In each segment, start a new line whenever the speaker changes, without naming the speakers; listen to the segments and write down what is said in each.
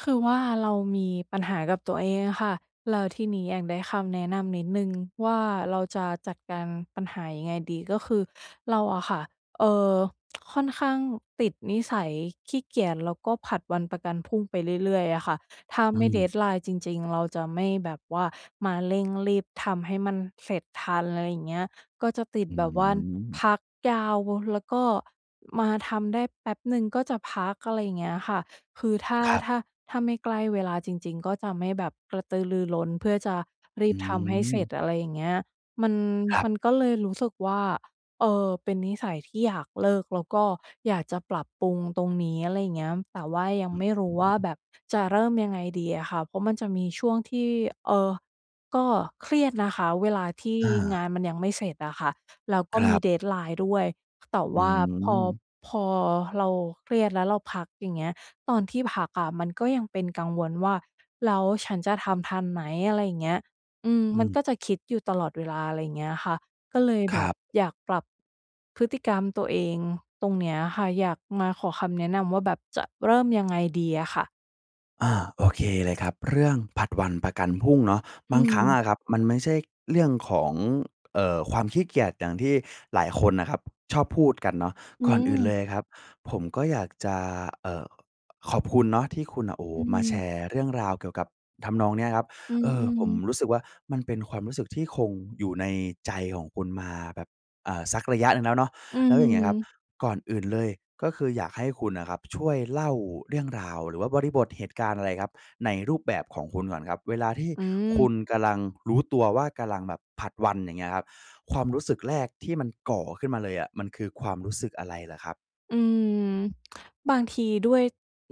คือว่า เรามี ปัญหากับตัวเองอะค่ะ แล้วทีนี้อยากได้คำแนะนำนิดหนึ่ง ว่า เราจะจัดการปัญหายังไงดี? ก็คือเราอะค่ะ เอ่อ ค่อนข้างติดนิสัยขี้เกียจ แล้วก็ผัดวันประกันพรุ่งไปเรื่อย ๆ เลยอะค่ะ ถ้า
อื
ไม่
ม
deadline จริง ๆ เราจะไม่แบบว่ามาเร่งรีบทำให้มันเสร็จทัน อะไรอย่างเงี้ย ก็จะติด
อื้
แบ
อ
บว่
ฮ
า
ื
น
อ
พักยาว ว แล้วก็มาทำได้แป๊บหนึ่งก็จะพัก อะไรอย่างเงี้ยค่ะ คือถ้า
ครับ
ถ้า ถ้าไม่ใกล้เวลาจริง ๆ ก็จะไม่แบบกระตือรือร้น เพื่อจะร
อ
ี
ื
บทำให้เสร็
ม
จ อะไรอย่างเงี้ย มัน
ครั
ม
บ
ันก็เลยรู้สึกว่า เออ เป็นนิสัยที่อยากเลิก แล้วก็อยากจะปรับปรุงตรงนี้ อะไรอย่างเงี้ย แต่ว่ายั
อ
ง
ื้
ไ
อ
ม่รู้ว่า
ฮือ
แบบจะเริ่มยังไงดีอะค่ะ เพราะมันจะมีช่วงที่ เอ่อ ก็เครียดนะคะ เวลาที่
อ
ง
า
านมันยังไม่เสร็จอะค่ะ แล้วก็
คร
มี
ับ
deadline ด้วย แต่
อื
ว่าพอ
ม
พอเราเครียดแล้วเราพัก อย่างเงี้ย ตอนที่พักอะมันก็ยังเป็นกังวลว่า "แล้วฉันจะทำทันไหม?" อะไรอย่างเงี้ย อืม
อื
มัน
ม
ก็จะคิดอยู่ตลอดเวลา อะไรอย่างเงี้ยค่ะ ก็เลย
ค
แบ
รั
บ
บ
อยากปรับพฤติกรรมตัวเองตรงเนี้ยค่ะ อยากมาขอคำแนะนำว่า แบบจะเริ่มยังไง ดีอะค่ะ?
อา โอเคเลยครับ เรื่องผลัดวันประกันพรุ่งเนาะ
อ
บางครั้งอ
ืม
ะครับมันไม่ใช่เรื่องของ เอ่อ ความขี้เกียจอย่างที่หลายคนน่ะครับชอบพูดกันเนาะ
อื
ก่อนอื่นเล
ม
ยครับ ผมก็อยากจะ เอ่อ ขอบคุณเนาะที่คุณน่ะ โอ้โ
อ
ฮ
ื
มาแช
ม
ร์เรื่องราวเกี่ยวกับทำนองเนี้ยครับ
อื
เออ ผม
ม ๆ
รู้สึกว่า มันเป็นความรู้สึกที่คงอยู่ในใจของคุณมาแบบ เอ่อ สักระยะหนึ่งแล้วเนาะ
อื
แล้วอย่างเงี้ยครับ
ม
ก่อนอื่นเลย ก็คืออยากให้คุณน่ะครับ ช่วยเล่าเรื่องราว หรือว่าบริบทเหตุการณ์อะไรครับ ในรูปแบบของคุณก่อนครับ เวลาที่
อื
คุ
ม
ณกำลังรู้ตัวว่ากำลังแบบผลัดวัน อย่างเงี้ยครับ ความรู้สึกแรกที่มันก่อขึ้นมาเลยอะ มันคือความรู้สึกอะไรเหรอครับ?
อืม บางทีด้วย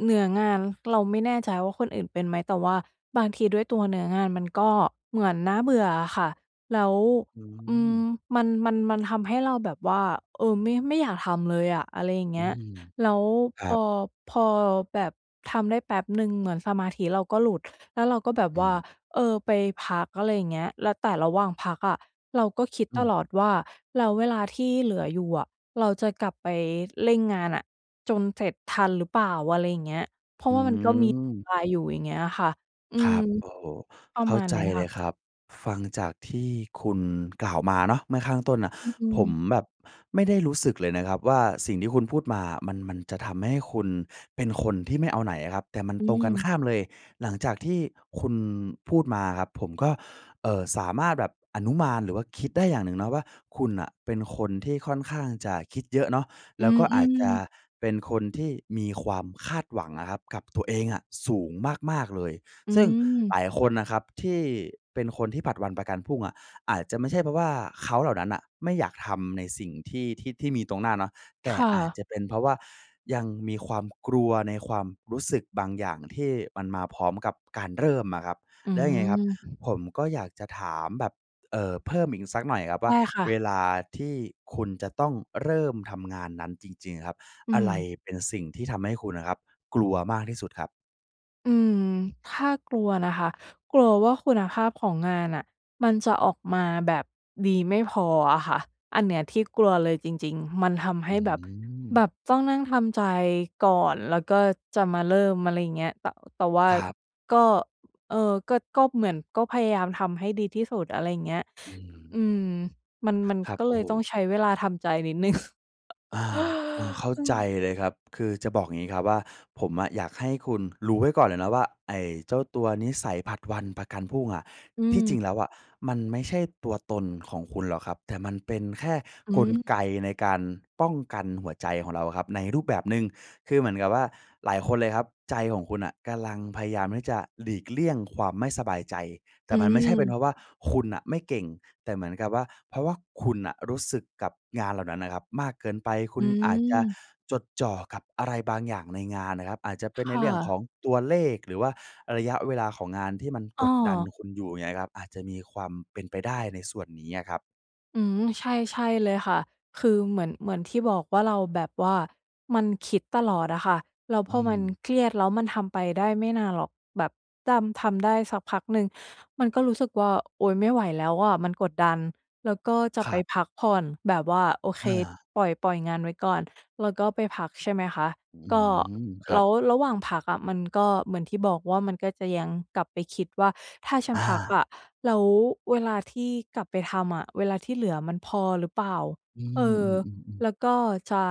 เนื้องาน เราไม่แน่ใจว่าคนอื่นเป็นไหม? แต่ว่าบางทีด้วยตัวเนื้องานมันก็เหมือนน่าเบื่ออะค่ะ แล้ว
อื
อืม
ม
มัน มัน มันทำให้เราแบบว่า เออ ไม่ ไม่อยากทำเลยอะ อะไรอย่างเ
อ
งี
ื
้ย
ม
แล้ว
ค
พ
รั
อ
บ
พอแบบทำได้แป๊บหนึ่งเหมือนสมาธิเราก็หลุด แล้วเราก็แบบ
อื
ว่า
ม
เออ ไปพัก อะไรอย่างเงี้ย แล้ว แต่ระหว่างพักอะ เราก็คิด
อ
ต
ืม
ลอดว่า แล้วเวลาที่เหลืออยู่อะ เราจะกลับไปเร่งงานน่ะ จนเสร็จทันหรือเปล่า? อะไรอย่างเงี้ย
อื
เพ
ม
ราะว่ามันก็มีเวลาอยู่ อย่างเงี้ยอะค่ะ อื
คร
ม
ับ โอ้โฮ
ประ
เข้
ม
า
าณ
ใจ
นี้
เ
ค่
ลย
ะ
ครับ ฟังจากที่คุณกล่าวมาเนาะ เมื่อข้างต้นน่ะ
อื
ผม
ม
แบบไม่ได้รู้สึกเลยนะครับว่า สิ่งที่คุณพูดมา มัน มันจะทำให้คุณเป็นคนที่ไม่เอาไหนอะครับ แต่มัน
อื
ตรงกัน
ม
ข้ามเลย หลังจากที่คุณพูดมาครับ ผมก็ เอ่อ สามารถแบบอนุมานหรือว่าคิดได้อย่างหนึ่งเนาะว่า คุณน่ะเป็นคนที่ค่อนข้างจะคิดเยอะเนาะ
อ
แล
ื
้ว
อ
ก็
อ
อ
ื
าจจะ
ม
เป็นคนที่มีความคาดหวังอะครับกับตัวเองอะสูงมาก ๆ เลย
อื
ซึ่งห
ม
ลายคนน่ะครับที่เป็นคนที่ผลัดวันประกันพรุ่งอะ อาจจะไม่ใช่ เพราะว่าเขาเหล่านั้นน่ะไม่อยากทำในสิ่งที่ ที่ ที่มีตรงหน้าเนาะ แต
ค
่
่
อาจ
ะ
จะเป็นเพราะว่า ยังมีความกลัวในความรู้สึกบางอย่างที่มันมาพร้อมกับการเริ่มอะครับ
อื
แล้วยังไงครับ
ม
ผมก็อยากจะถามแบบ เอ่อ เพิ่มอีกสักหน่อยครับ
ใช
ว่
่
า
ค่
เ
ะ
วลาที่คุณจะต้องเริ่มทำงานนั้นจริง ๆ อะครับ
อื
อะไร
ม
เป็นสิ่งที่ทำให้คุณอะครับ กลัวมากที่สุดครับ?
อืม ถ้ากลัวนะคะ กลัวว่าคุณภาพของงานน่ะมันจะออกมาแบบดีไม่พออะค่ะ อันเนี้ยที่กลัวเลยจริง ๆ มันทำให
อื
้
้อ
แบบ
ฮ
แบ
ือ
บต้องนั่งทำใจก่อน แล้วก็จะมาเริ่ม อะไรอย่างเงี้ย แต่ แต่ว่า
ครับ
ก็ เออ ก็ ก็เหมือน ก็พยายามทำให้ดีที่สุด อะไรอย่างเงี้ย
อืม
อืม มัน มัน
ครับ
ก็
โ
เ
อ
ล
้โ
ยต้อ
ฮ
งใช้เวลาทำใจนิดหนึ่ง
อา อา เข้า
อื
ใจ
ม
เลยครับ คือจะบอกงี้ครับว่า ผมอะอยากให้คุณรู้ไว้ก่อนเลยนะว่า ไอ้เจ้าตัวนิสัยผลัดวันประกันพรุ่งอะ
อ
ที่จ
ืม
ริงแล้วอะมันไม่ใช่ตัวตนของคุณหรอกครับ แต่มันเป็นแค่
อื
กลไ
ม
กในการป้องกันหัวใจของเราครับในรูปแบบหนึ่ง คือเหมือนกับว่าหลายคนเลยครับ ใจของคุณน่ะกำลังพยายามที่จะหลีกเลี่ยงความไม่สบายใจ แต
อ
่
ื
มันไม่ใช่เป็นเ
ม
พราะว่าคุณน่ะไม่เก่ง แต่เหมือนกับว่า เพราะว่าคุณน่ะรู้สึกกับงานเหล่านั้นน่ะครับมากเกินไป ค
อ
ุณอาจจะ
ืม
จดจ่อกับอะไรบางอย่างในงานน่ะครับ อาจจะเป็น
ค
ใน
่
เรื่องข
ะ
องตัวเลข หรือว่าระยะเวลาของงานที่มัน
อ
กดดัน
า
คุณอยู่เนี่ยนะครับ อาจจะมีความเป็นไปได้ในส่วนนี้อะครับ
อืม ใช่ ใช่เลยค่ะ คือเหมือน เหมือนที่บอกว่า เราแบบว่ามันคิดตลอดอะค่ะ แล้ว
อ
พ
ื
อมัน
ม
เครียดแล้วมันทำไปได้ไม่นานหรอก แบบดำ ทำได้สักพักหนึ่งมันก็รู้สึกว่า โอ๊ย! ไม่ไหวแล้วอะมันกดดัน แล้วก็จะ
ค
ไ
ร
ป
ับ
พักผ่อน แบบว่า โอเค
อา
ปล่อย ปล่อยงานไว้ก่อน แล้วก็ไปพัก ใช่ไหมคะ
อื้อ
ก
ฮ
็
ือ ค
แ
ร
ล
ับ
้วระหว่างพักอะ มันก็เหมือนที่บอกว่า มันก็จะยังกลับไปคิดว่าถ้าฉัน
อ
พัก
า
อะ แล้วเวลาที่กลับไปทำอะ เวลาที่เหลือมันพอหรือเปล่า?
อื
เ
อ
ออ
อือ ๆ ๆ
แล้วก็จะ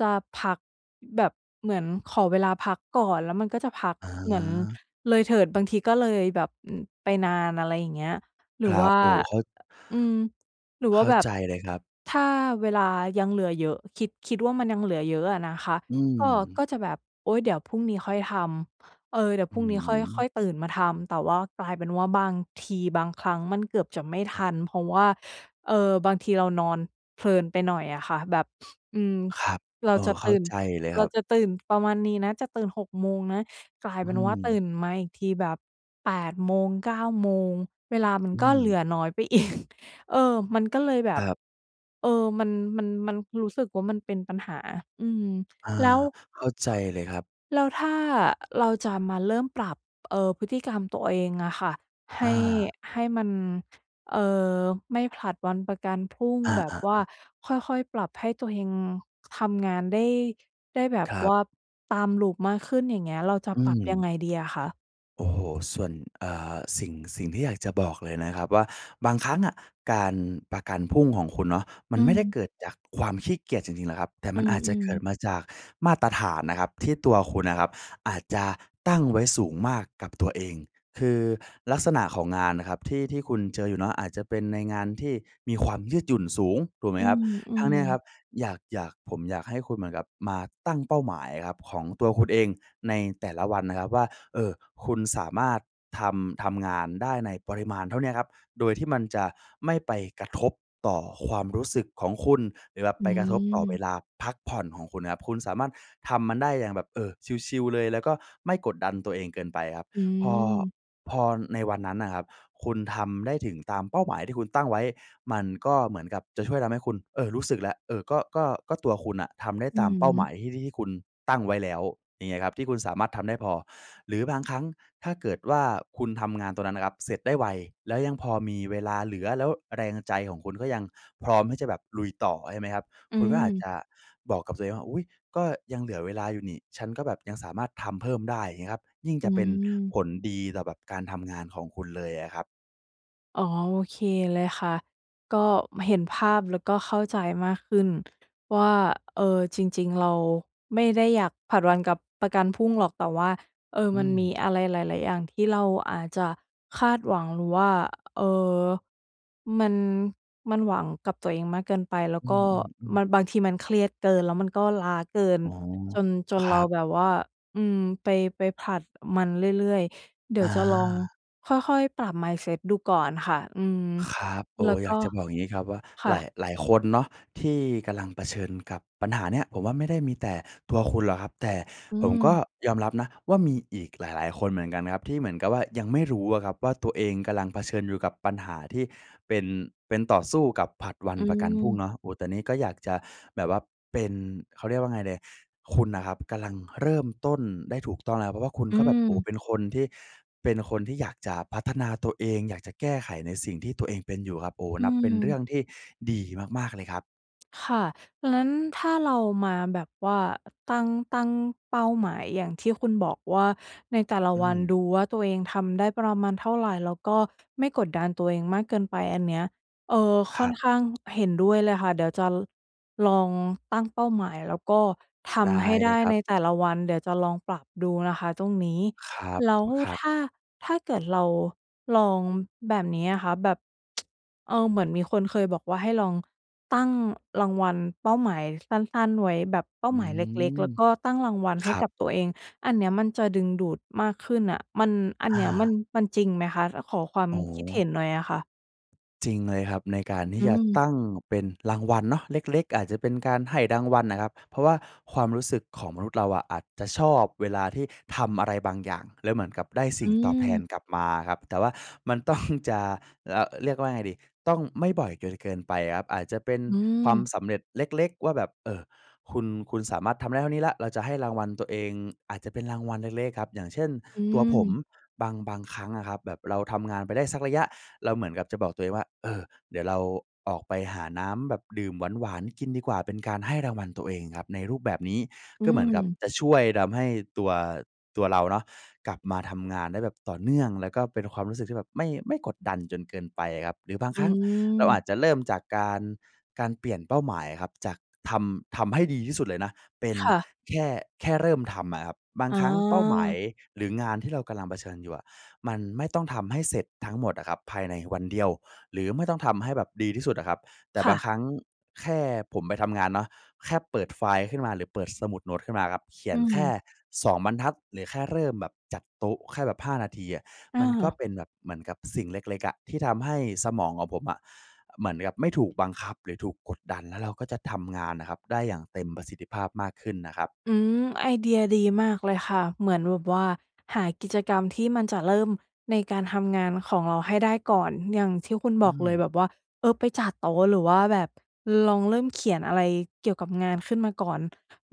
จะพักแบบ เหมือนขอเวลาพักก่อน แล้วมันก็จะพัก
อ๋
เหมือน
อ
เลยเถิด บางทีก็เลยแบบ ไปนาน อะไรอย่างเงี้ย หร
ค
ือ
ร
ว
ั
่
บ
า
โอ้ เข้า
อืม หรือ
เ
ว่
ข
า
้า
แบบ
ใจเลยครับ
ถ้าเวลายังเหลือเยอะ คิด คิดว่ามันยังเหลือเยอะอะนะคะ
อื
ก็ ก
ม
็จะแบบ โอ๊ย เดี๋ยวพรุ่งนี้ค่อยทำ เออ เดี๋ยว
อ
พ
ื
รุ่งนี้ค่อย ค่อ
ม
ยตื่นมาทำ แต่ว่ากลายเป็นว่า บางที บางครั้งมันเกือบจะไม่ทัน เพราะว่า เอ่อ บางทีเรานอนเพลินไปหน่อยอะค่ะ แบบ อืม
ครับ
เรา
เอ
จ
อ
ะ
เ
ต
ข้า
ื่น
ใจเลย
เ
ค
ร
ร
า
ับ
จะตื่นประมาณนี้นะ จะตื่น 6 โมงนะ กลาย
อื
เป็นว่า ตื
ม
่นมาอีกทีแบบ 8 โมง 9 โมง เวลามัน
อื
ก็เหลื
ม
อน้อยไป อีก เออ มันก็เลยแบ
ค
บ
รับ
เออ มัน มัน มัน รู้สึกว่ามันเป็นปัญหา อืม
อา
แล้ว
เข้าใจเลยครับ
แล้วถ้า เราจะมาเริ่มปรับ เอ่อ พฤติกรรมตัวเองอะค่ะ ให
อ
้
า
ให้มัน เอ่อ ไม่ผลัดวันประกันพรุ่ง
อ
แบบ
า
ว่า
ๆ ๆ
ค่อย ๆ ปรับให้ตัวเองทำงานได้ ได้แบบ
ครั
ว
บ
่าตาม loop มากขึ้น อย่างเงี้ย เราจะ
อื
ปรับยัง
ม
ไงดีอะคะ?
โอ้โฮ ส่วน เอ่อ สิ่ง สิ่งที่อยากจะบอกเลยนะครับว่า บางครั้งอะการประกันพรุ่งของคุณเนาะ มั
อ
น
ื
ไม่ได้
ม
เกิดจากความขี้เกียจจริง ๆ นะครับ แต่
อ
ม
ื
ันอาจจะเ
ม
กิด
ๆ
มาจากมาตรฐานนะครับที่ตัวคุณน่ะครับ อาจจะตั้งไว้สูงมากกับตัวเอง คือลักษณะของงานน่ะครับ ที่ ที่คุณเจออยู่เนาะ อาจจะเป็นในงานที่มีความยืดหยุ่นสูง ถูกไหม
อื
ครับ ทั้งเ
ม
นี้ยค
ๆ
รับ อยาก อยาก ผมอยากให้คุณเหมือนกับมาตั้งเป้าหมายครับ ของตัวคุณเองในแต่ละวันนะครับว่า เอ่อ คุณสามารถทำ ทำงานได้ในปริมาณเท่าเนี้ยครับ โดยที่มันจะไม่ไปกระทบต่อความรู้สึกของคุณ หรือแบบ
อ
ไ
ื
ปกระทบต่อเว
ม
ลาพักผ่อนของคุณนะครับ คุณสามารถทำมันได้อย่างแบบ เออ ชิล ๆ เลย แล้วก็ไม่กดดันตัวเองเกินไปครับ
อื
พอ
ม
พอในวันนั้นน่ะครับ คุณทำได้ถึงตามเป้าหมายที่คุณตั้งไว้ มันก็เหมือนกับจะช่วยทำให้คุณ เออ รู้สึกแล้ว เออ ก็ ก็ ก็ตัวคุณน่ะทำได้
อื
ตามเป้าหม
ม
ายที่ ที่ ที่คุณตั้งไว้แล้ว อย่างเงี้ยครับ ที่คุณสามารถทำได้พอ หรือบางครั้งถ้าเกิดว่าคุณทำงานตรงนั้นนะครับเสร็จได้ไว แล้วยังพอมีเวลาเหลือ แล้วแรงใจของคุณก็ยังพร้อมที่จะแบบลุยต่อ ใช่ไหมครับ
อื
คุณก็อาจจ
ม
ะบอกกับตัวเองว่า อุ๊ย! ก็ยังเหลือเวลาอยู่นี่ ฉันก็แบบยังสามารถทำเพิ่มได้ เงี้ยครับ ยิ่ง
อ
จ
ื
ะเป็นผ
ม
ลดีต่อแบบการทำงานของคุณเลยอะครับ
อ๋อ โอเคเลยค่ะ ก็เห็นภาพ แล้วก็เข้าใจมากขึ้นว่า เอ่อ จริง ๆ เราไม่ได้อยากผลัดวันกับ ประกันพรุ่งหรอก แต่ว่า เออ
อื
มันม
ม
ีอะไรหลาย ๆ อย่างที่เราอาจจะคาดหวัง หรือว่า เอ่อ มัน มันหวังกับตัวเองมากเกินไป แล้ว
อื
ก็
อ ๆ
มั
ๆ
น บางทีมันเครียดเกินแล้วมันก็ล้าเกิน
อ๋อ
จน จน
ค
เ
ร
ร
ั
า
บ
แบบว่า อืม ไป ไปผลัดมันเรื่อย ๆ เดี๋
อ
ยว
า
จะลองค่อย ๆ ปรับ Mindset ดูก่อนค่ะ อืม
ครับ โอ
แล
้
้วก
อย
็
ากจะบอกอย่างงี้ครับว่า
ค่
หลาย
ะ
หลายคนเนาะที่กำลังเผชิญกับปัญหาเนี้ย ผมว่าไม่ได้มีแต่ตัวคุณหรอกครับ แต่
อื
ผมก็
ม
ยอมรับนะว่า มีอีกหลาย ๆ คนเหมือนกันครับที่เหมือนกับว่ายังไม่รู้อะครับว่า ตัวเองกำลังเผชิญอยู่กับปัญหาที่เป็น เป็น ต่อสู้กับผลัดวัน
อื
ประกันพรุ่ง
ม
เนาะ โอ้ ตอนนี้ก็อยากจะแบบว่าเป็น เขาเรียกว่าไงดี คุณน่ะครับกำลังเริ่มต้นได้ถูก ต้องแล้ว เพราะว่าคุณ
อ
ก็แบบ โอ้
ืม
เป็นคนที่ เป็นคนที่อยากจะพัฒนาตัวเอง อยากจะแก้ไขในสิ่งที่ตัวเองเป็นอยู่ครับ โอ้
อ
นับเป็นเร
ื
ื่
ม
องที่ดีมาก ๆ เลยครับ
ค่ะ งั้นถ้าเรามาแบบว่า ตั้ง ตั้งเป้าหมายอย่างที่คุณบอกว่า ในแต่ละ
อื
วันด
ม
ูว่าตัวเองทำได้ประมาณเท่าไร แล้วก็ไม่กดดันตัวเองมากเกินไป อันเนี้ย เออ
ค
ค่
ร
อ
ั
น
บ
ข้าง เห็นด้วยเลยค่ะ เดี๋ยวจะ ลองตั้งเป้าหมาย แล้วก็ท
ได้
ำให้
เ
ไ
ล
ด
ย
้
ครั
ใ
บ
นแต่ละวัน เดี๋ยวจะลองปรับดูนะคะตรงนี้
ครับ
แล้ว
อ ครับ
ถ้า ถ้าเกิดเราลองแบบนี้อะคะ แบบ เอ่อ เหมือนมีคนเคยบอกว่า ให้ลองตั้งรางวัล เป้าหมายสั้น ๆ ไว้ แบบเป้า
อื
หมายเล็ก
ม
ๆ แล้วก็ตั้งรางวัลใ
ค
ห้
รั
ก
บ
ับตัวเอง อันเนี้ยมันจะดึงดูดมากขึ้นน่ะ มัน อัน
อ
เนี้ยมัน
า
มันจริงไหมคะ? อะ ขอความ
อ๋
คิดเห็
อ
นหน่อยอะค่ะ
จริงเลยครับ ใน การที
อ
่
ื
จะต
ม
ั้งเป็นรางวัลเนาะ เล็ก ๆ อาจจะเป็นการให้รางวัลน่ะครับ เพราะว่าความรู้สึกของมนุษย์เราอะ อาจจะชอบเวลาที่ทำอะไรบางอย่าง แล้วเหมือนกับได้ส
อ
ิ่
ื
งตอบแทน
ม
กลับมาครับ แต่ว่ามัน ต้อง จะระ เรียกว่าไงดี ต้องไม่บ่อยเกิน เกินไปครับ อาจจะเป็น
อื
ความ
ม
สำเร็จเล็ก ๆ ว่าแบบ เอ่อ คุณ คุณสามารถทำได้เท่านี้แล้ว เราจะให้รางวัลตัวเอง อาจจะเป็น รางวัลเล็ก ๆ อะครับ อย่างเช่น
อื
ตัวผม
ม
บาง บางครั้งอะครับ แบบเราทำงานไปได้สักระยะ เราเหมือนกับจะบอกตัวเองว่า เออ เดี๋ยวเราออกไปหาน้ำแบบดื่มหวาน ๆ กินดีกว่า เป็นการให้รางวัลตัวเองครับ ในรูปแบบนี้
อ
ก็เหมือนกับ
ืม
จะช่วยทำให้ตัว ตัวเราเนาะ กลับมาทำงานได้แบบต่อเนื่อง แล้วก็เป็นความรู้สึกที่แบบไม่ ไม่กดดันจนเกินไปอะครับ หรือบาง
อ
ครั้งเรา
ื
อ
ม
าจจะเริ่มจากการ การเปลี่ยนเป้าหมายอะครับ จากทำ ทำให้ดีที่สุดเลยนะ เป็น
ค่ะ
แค่ แค่เริ่มทำอะครับ บาง
อ๋
ครั้งเป้าหมาย
อ
หรืองานที่เรากำลังเผชิญอยู่อะ มันไม่ต้องทำให้เสร็จทั้งหมดอะครับภายในวันเดียว หรือไม่ต้องทำให้แบบดีที่สุดอะครับ แต่
ค
บ
่
าง
ะ
ครั้งแค่ผมไปทำงานเนาะ แค่เปิดไฟล์ขึ้นมาหรือเปิดสมุดโน้ตขึ้นมาครับ เขี
อ
ย
ื
นแค่
ม
2 บรรทัด หรือแค่เริ่มแบบจัดโต๊ะ แค่แบบ 5 นาทีอะ
อ
มันก็
า
เป็นแบบเหมือนกับสิ่งเล็ก ๆ อะ ที่ทำให้สมองของผมอะ เหมือนกับไม่ถูกบังคับหรือถูกกดดัน แล้วเราก็จะทำงานน่ะครับ ได้อย่างเต็มประสิทธิภาพมากขึ้นนะครับ
อืม ไอเดียดีมากเลยค่ะ เหมือนแบบว่า หากิจกรรมที่มันจะเริ่มในการทำงานของเราให้ได้ก่อน อย่างที่คุณ
อ
บ
ื
อกเล
ม
ยแบบว่า เออ ไปจัดโต๊ะ หรือว่าแบบลองเริ่มเขียนอะไรเกี่ยวกับงานขึ้นมาก่อน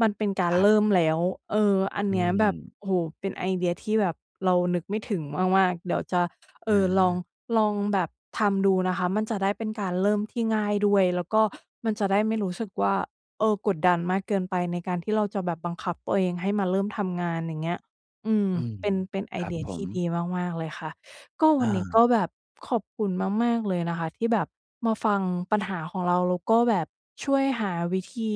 มันเป็นกา
ค
ร
รั
เ
บ
ริ่มแล้ว เออ อัน
อื
เนี้ยแบบ
ม
โอ้โฮ เป็นไอเดียที่แบบเรานึกไม่ถึงมาก ๆ เดี๋ยวจะ เอ
อ
่อ ลอง
า
ลองแบบทำดูนะคะ มันจะได้เป็นการเริ่มที่ง่ายด้วย แล้วก็มันจะได้ไม่รู้สึกว่า เออ กดดันมากเกินไป ในการที่เราจะแบบบังคับตัวเองให้มาเริ่มทำงาน อย่างเงี้ย อืม
อืม
เป็น เป็นไอ
ครั
เ
บ
ดีย
ผ
ท
ม
ี่ดีมาก ๆ เลยค่ะ ก็ ว
อ
ัน
า
นี้ก็แบบขอบคุณมาก ๆ เลยนะคะ ที่แบบมาฟังปัญหาของเรา แล้วก็แบบช่วยหาวิธี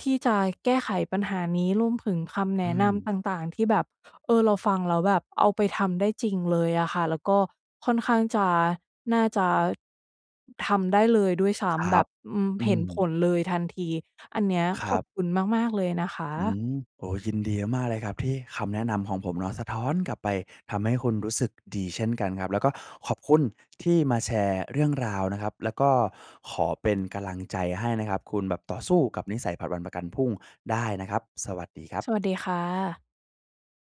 ที่จะแก้ไขปัญหานี้ รวมถึงคำแ
อ
น
ื
ะน
ม
ำต่าง ๆ ที่แบบ เออ เราฟังแล้วแบบเอาไปทำได้จริงเลยอะค่ะ แล้วก็ค่อนข้างจะ น่าจะทำได้เลยด้วยซ้
คร
ำ แบ
ับ
บ อือ
อื
เห็น
ม
ผลเลยทันที อันนี้อะ
ค
ข
ร
อ
ั
บ
บ
คุณมาก ๆ เลยนะค
อื
ะ
ม โอ้โฮ ยินดีมาก ๆ เลยครับ ที่คำแนะนำของผมเนาะสะท้อนกลับไป ทำให้คุณรู้สึกดีเช่นกันครับ แล้วก็ขอบคุณที่มาแชร์เรื่องราวนะครับ แล้วก็ขอเป็นกำลังใจให้นะครับ คุณแบบต่อสู้กับนิสัยผัดวันประกันพรุ่งได้นะครับ สวัสดีครับ
สวัสดีค่ะ